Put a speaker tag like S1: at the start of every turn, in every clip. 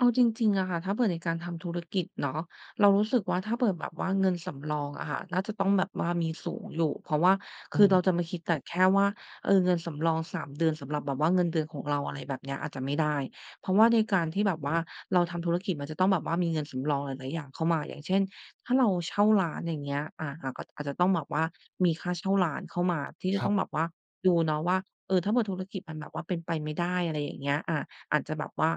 S1: เอาจริง ๆ อะค่ะ ถ้าเผื่อในการทำธุรกิจเนาะ เรารู้สึกว่า ถ้าเปิดแบบว่าเงินสำรองอะค่ะ น่าจะต้องแบบว่ามีสูงอยู่ เพราะว่า
S2: อ
S1: คือ
S2: ื
S1: เรา
S2: ม
S1: จะไม่คิดแต่แค่ว่า เออ เงินสำรอง 3 เดือนสำหรับแบบว่าเงินเดือนของเรา อะไรแบบนี้ อาจจะไม่ได้ เพราะว่าในการท
S2: อ
S1: ี่
S2: ื
S1: แ
S2: ม
S1: บบว่าเราทำธุรกิจ มันจะต้องแบบว่ามีเงินสำรองหลาย ๆ อย่างเข้ามา อย่างเช่น ถ้าเราเช่าร้าน อย่างเงี้ย อ่า แล้วก็ อาจจะต้องแบบว่ามีค่าเช่าร้านเข้ามาที่จะ
S2: คร
S1: ต้
S2: ั
S1: อ
S2: บ
S1: งแบบดูเนาะว่า เอ่อ ถ้าเผื่อธุรกิจมันแบบว่าเป็นไปไม่ได้ อะไรอย่างเงี้ย อ่า อาจจะแบบว่า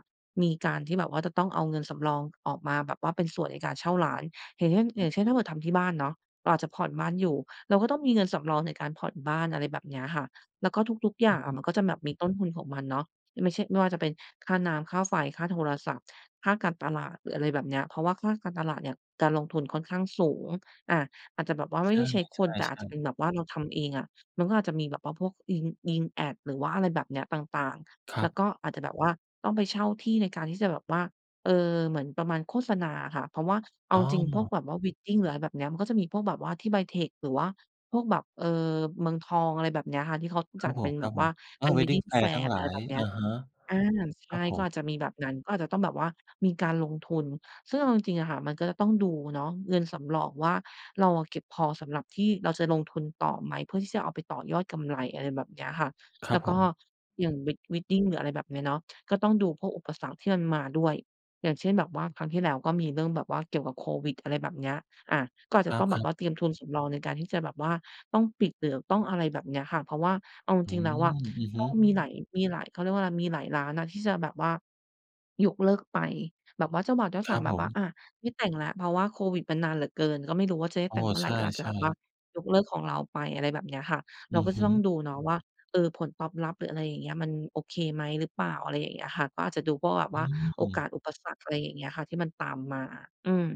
S1: มีการที่แบบว่าจะต้องเอาเงินสำรองออกมาแบบว่าเป็นส่วนในการเช่าร้าน อย่างเช่น อ
S2: อ
S1: ย
S2: ื
S1: ่า
S2: อ
S1: งเช่
S2: ฮ
S1: น ถ้
S2: ึ
S1: าเผื่อทำที่บ้านเนาะ เราอาจจะผ่อนบ้านอยู่ เราก็ต้องมีเงินสำรองในการผ่อนบ้าน อะไรแบบเนี้ยค่ะ แล้วก็ทุก ๆ อย
S2: อ
S1: ่
S2: ื
S1: า
S2: อ
S1: ง
S2: ฮ
S1: อ
S2: ึ
S1: ะ มันก็จะแบบมีต้นทุนของมันเนาะ ไม่ใช่ ไม่ว่าจะเป็นค่าน้ำ ค่าไฟ ค่าโทรศัพท์ ค่าการตลาด หรืออะไรแบบเนี้ย เพราะว่าค่าการตลาดเนี่ย การลงทุนค่อนข้างสูง อ่า อาจจะแบบว่าไ
S2: ใ
S1: ม่
S2: ช
S1: ได้ใช้คน แต่อาจจ
S2: ่
S1: ะเ
S2: ๆ
S1: ป็
S2: ๆ
S1: นแบบว่าเราทำเองอะ มันก็อาจจะมีแบบว่าพวกยิง ยิงแอด หรือว่าอะไรแบบเนี้ยต่าง
S2: ค
S1: ๆ
S2: ร
S1: แล
S2: ั
S1: ้ว
S2: บ
S1: ก็อาจจะแบบว่าต้องไปเช่าที่ในการที่จะแบบว่า เอ่อ เหมือนประมาณโฆษณาอะค่ะ เพราะว่าเอ
S2: อ
S1: า
S2: ๋
S1: จริงพวก
S2: อ
S1: แบบว่า Wedding หรืออะไรแบบนี้มันก็จะมีพวกแบบว่าที่ไบเทค หรือว่าพวกแบบ เอ่อ เมืองทอง อะไรแบบเนี้ยค่ะ ที่เขา
S2: ค
S1: จ
S2: ร
S1: ั
S2: ับ
S1: ด
S2: ผ
S1: เป็
S2: ม
S1: น
S2: ค
S1: แบ
S2: รับ
S1: บ
S2: ผ
S1: ว่า
S2: ม อ
S1: เ
S2: ้
S1: ป
S2: า
S1: ็
S2: ว
S1: น
S2: Wedding
S1: Wedding
S2: แฟ
S1: แฟ
S2: ร์ท
S1: ร
S2: ั้
S1: ์
S2: งหล
S1: อะไ
S2: า
S1: ร
S2: ย
S1: แบบเนี
S2: อ
S1: ้ย
S2: ะฮะ
S1: อ่า ใช
S2: คร
S1: ่
S2: ับผ
S1: ก็อ
S2: ม
S1: าจจะมีแบบนั้น ก็อาจจะต้องแบบว่ามีการลงทุน ซึ่งเอาจริง ๆ อะค่ะ มันก็จะต้องดูเนาะ เงินสำรองว่า เราอะเก็บพอสำหรับที่เราจะลงทุนต่อไหม เพื่อที่จะเอาไปต่อยอดกำไร อะไรแบบเนี้ยค่ะ
S2: คร
S1: แ
S2: ั
S1: ล้
S2: บ
S1: ว
S2: ผ
S1: ก็
S2: ม
S1: อย่าง Wed Wedding หรืออะไรแบบนี้เนาะ ก็ต้องดูพวกอุปสรรคที่มันมาด้วย อย่างเช่น แบบว่าครั้งที่แล้ว ก็มีเรื่องแบบว่าเกี่ยวกับโควิด อะไรแบบเนี้ย อ่า ก็อาจ
S2: ค
S1: จะ
S2: ร
S1: ต้องแบ
S2: ั
S1: บว
S2: บ ๆ
S1: ่าเตรียมทุนสำรองในการที่จะแบบว่าต้องปิดเหลือ ต้อง อะไรแบบนี้ค่ะ เพราะว่าเอาจ
S2: อื
S1: ริง ๆ แล้วอะ
S2: ม อือฮ
S1: ก
S2: ึ
S1: ็มีหลาย มีหลาย เขาเรียกว่า อะไร มีหลายร้านนะที่จะแบบว่ายกเลิกไป แบบว่าเจ้าบ่าวเจ้า
S2: ค
S1: ส
S2: ร
S1: า
S2: ั
S1: ว
S2: บ
S1: แบ
S2: ผ
S1: บว่า
S2: ม
S1: อ่า ไม่แต่งแล้ว เพราะว่าโควิดมันนานเหลือเกิน ก็ไม่รู้ว่าจะได้
S2: โอ้
S1: แต่งเมื่อ
S2: ใ
S1: ไ
S2: ช
S1: ร ก็อาจจะแบ
S2: ่
S1: บว่า
S2: ๆ
S1: ยกเลิกของเราไป อะไรแบบเนี้ยค่ะ เ
S2: อื
S1: รา
S2: อ
S1: ก็
S2: ฮ
S1: จะ
S2: ึ
S1: ต้องดูเนาะว่า เอ่อ ผลตอบรับหรือ อะไรอย่างเงี้ย มันโอเคไหม หรือเปล่า อะไรอย่างเงี้ยอะค่ะ ก็อาจจะดูพวกแบบ
S2: อ
S1: ว่า
S2: ื
S1: โอก
S2: ม
S1: าสอุปสรรค อะไรอย่างเงี้ยค่ะ ที่มันตามมา อืม